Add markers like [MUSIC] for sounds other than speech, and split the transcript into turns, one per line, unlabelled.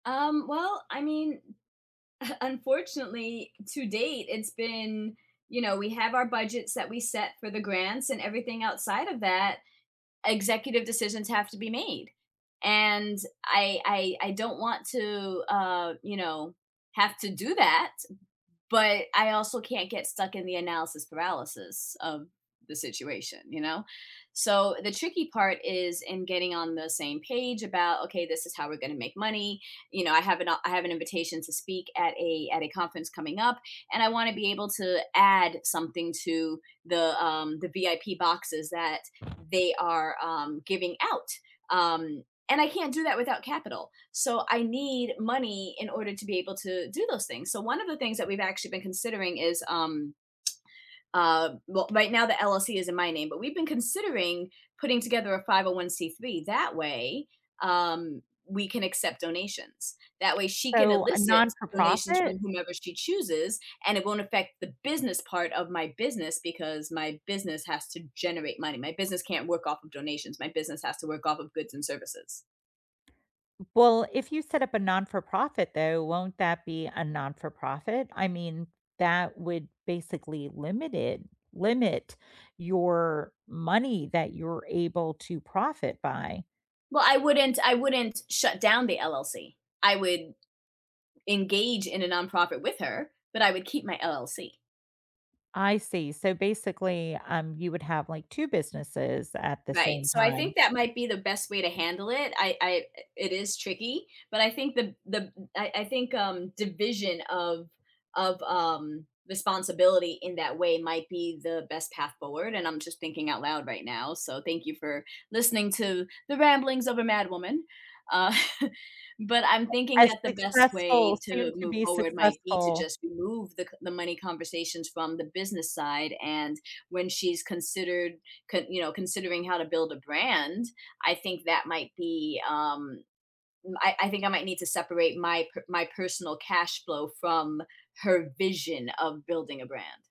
Um, well, I mean, [CHUCKLES] unfortunately, to date, it's been, you know, we have our budgets that we set for the grants and everything outside of that, executive decisions have to be made, and I I I don't want to, uh, you know, have to do that, but I also can't get stuck in the analysis paralysis of the situation, you know, so, the tricky part is in getting on the same page about, "Okay, this is how we're gonna make money," you know, I have an I have an invitation to speak at a at a conference coming up, and I wanna be able to add something to the, um, the VIP boxes that they are, um, giving out, um, and I can't do that without capital, so I need money in order to be able to do those things. So one of the things that we've actually been considering is, um [SMACKS LIPS] uh, well, right now, the LLC is in my name, but we've been considering putting together a 501(c)(3), that way, um, we can accept donations. That way, she can
So a
elicit donations
non-for-profit?
from whomever she chooses, and it won't affect the business part of my business because my business has to generate money my business can't work off of donations, my business has to work off of goods and services.
W well, if you set up a non-for-profit, though, won't that be a non-for-profit? I mean, that would basically limit it limit your money that you're able to profit by.
Well, I wouldn't I wouldn't shut down the LLC, I would, engage in a nonprofit with her, but I would keep my LLC.
I see, so, basically, um, you would have, like, 2 businesses at the
Right,
same
so I
time.
think that might be the best way to handle it, I I it is tricky, but I think the the I I think, um, division of of, um, responsibility in that way might be the best path forward and I'm just thinking out loud right now, so thank you for listening to the ramblings of a mad woman, uh, [CHUCKLES] but I'm thinking
As
that the best way
successful, soon
to
to
move
be
forward might be to
successful.
just remove the c the money conversations from the business side and when she's considered c you know, considering how to build a brand, I think that might be, um, I I think I might need to separate my p my personal cash flow from her vision of building a brand.